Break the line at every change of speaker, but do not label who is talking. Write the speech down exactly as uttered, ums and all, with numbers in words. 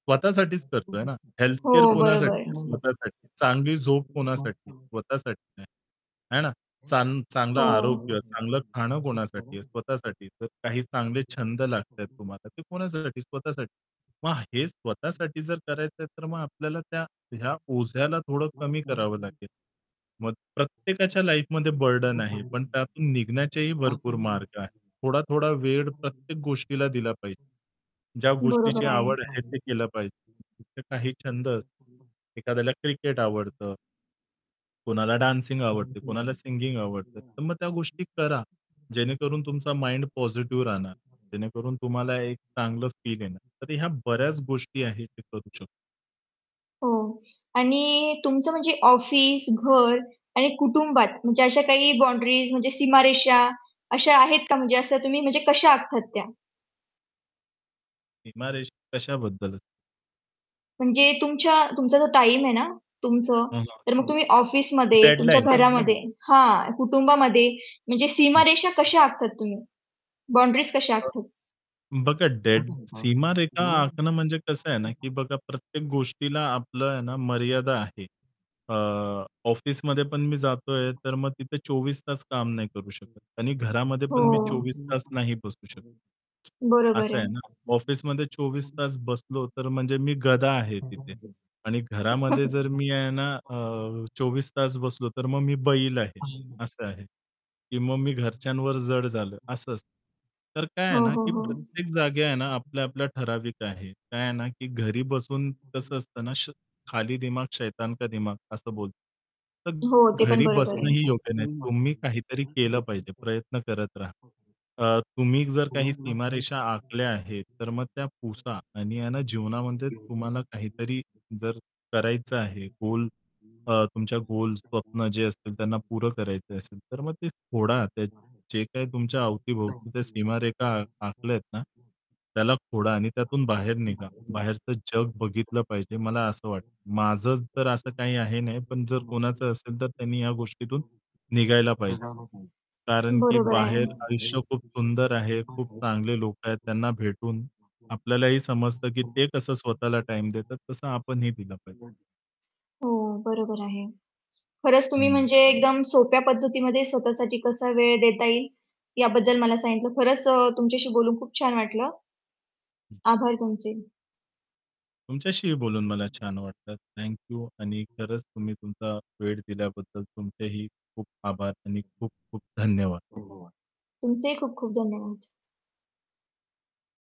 स्वतःसाठीच करतोय ना. हेल्थ
हो,
केअर
बरोबर.
कोणासाठी आहे? स्वतःसाठी. चांगली झोप कोणासाठी?
[unintelligible]
स्वतःसाठी आहे. आहे ना? चांग चांगलं आरोग्य,
हो.
चांगलं खाणं कोणासाठी आहे?
[unintelligible]
स्वतःसाठी. काही चांगले छंद लागतायेत तुम्हाला ते कोणासाठी? स्वतःसाठी. मग हे स्वतःसाठी जर करायचं आहे तर मग आपल्याला त्या ह्या ओझ्याला थोडं कमी करावं लागेल. मग प्रत्येकाच्या लाईफमध्ये
[unintelligible]
बर्डन आहे, पण त्यातून निघण्याचेही भरपूर मार्ग आहेत. थोडा-थोडा वेळ प्रत्येक गोष्टीला दिला पाहिजे. ज्या गोष्टीची
बरोबर आहे.
आवड आहे ते केलं पाहिजे, तर काही छंद असतात, एखाद्याला क्रिकेट आवडतं कोणाला डान्सिंग आवडते, कोणाला सिंगिंग आवडते. तर मग त्या गोष्टी करा
[unintelligible]
जेणेकरून तुमचा माइंड पॉझिटिव्ह राहणार. जेणेकरून तुम्हाला
[unintelligible]
एक चांगलं फील येणार. तर ह्या बऱ्याच गोष्टी आहेत, ते करू
[unintelligible]
शकतो.
हो आणि तुमचं म्हणजे ऑफिस, घर आणि कुटुंबात म्हणजे अशा काही बाउंडरीज म्हणजे सीमारेषा अशा आहेत का? म्हणजे असं तुम्ही म्हणजे कशा आखता त्या?
सीमारेषा कशाबद्दल?
म्हणजे तुमच्या तुमचा जो टाईम आहे ना तुमचं,
हं, हं.
तर मग तम्ही ऑफिसमध्ये, तुमच्या
डेडलाईन?
घरामध्ये हां, कुटुंबामध्ये म्हणजे
[unintelligible]
सीमारेषा कशा आखता तुम्ही? बाउंडरीज कशा आखता?
बघा डेड सीमारेषा आखणं म्हणजे कसं आहे ना, की बघा प्रत्येक गोष्टीला आपलं आहे ना मर्यादा आहे.
[unintelligible]
अ, ऑफिसमध्ये पण
[unintelligible] हो.
मी जातोय तर मग तिथे चोवीस तास काम नाही करू शकत. आणि घरामध्ये पण मी चोवीस तास नाही बसू शकत,
[unintelligible] बरोबर
असं
आहे.
आहे ना. ऑफिसमध्ये चोवीस तास बसलो तर म्हणजे मी गधा आहे तिथे
[unintelligible]
आणि घरामध्ये जर मी आहे ना अ, चोवीस तास बसलो, तर मग मी बैल आहे,
[unintelligible]
असं आहे की मग मी घरच्यांवर जड झालो
[unintelligible]
असं असतं. तर काय आहे
हो,
ना,
हो,
की
हो.
प्रत्येक जागी आहे ना आपल्या आपल्याला ठराविक आहे.
[unintelligible]
काय आहे ना, की घरी बसून कसं असतं ना, श "खाली दिमाग शैतान
[unintelligible]
का दिमाग" असं बोलतात. तर
हो ते पण
घरी
बरोबर आहे.
बसणंही योग्य नाही. तुम्ही काहीतरी केलं पाहिजे, प्रयत्न करत राहा. अ, तुम्ही जर काही सीमारेषा आखल्या आहेत, तर मग त्या पुसा आणि ना जीवनामध्ये तुम्हाला काहीतरी जर करायचं आहे गोल अ, तुमच्या गोल, स्वप्न जे असतील, त्यांना पुरं करायचं असेल, तर मग ते खोडा. जे काही तुमच्या अवतीभोवती त्या सीमारेषा आखल्या आहेत ना, त्याला खोडा आणि त्यातून बाहेर निघा. बाहेरचं जग बघितलं पाहिजे मला असं वाटतं. माझं तर असं काही आहे नाही पण जर कोणाचं असेल, तर त्यांनी या गोष्टीतून निघायला पाहिजे.
[unintelligible] [unintelligible]
कारण की
बरोबर आहे.
बाहेर आयुष्य खूप सुंदर आहे, खूप चांगले लोकं आहेत. त्यांना भेटून आपल्यालाही समजतं की ते कसं स्वतःला टाईम
[unintelligible]
देतात, तसं आपणही दिलं पाहिजे.
[unintelligible] हो बरोबर आहे. खरंच तुम्ही
हं.
म्हणजे एकदम सोप्या पद्धतीमध्ये स्वतःसाठी कसा वेळ देता येईल याबद्दल मला सांगितलं. खरंच अ, तुमच्याशी बोलून खूप छान वाटलं. आभार तुमचे.
तुमच्याशीही बोलून मला छान
[unintelligible]
वाटतं. थँक यू आणि
धन्यवाद.
खरंच तुम्ही तुमचा वेळ दिल्याबद्दल तुमचेही खूप आभार आणि खूप खूप धन्यवाद.
तुमचेही खूप खूप धन्यवाद.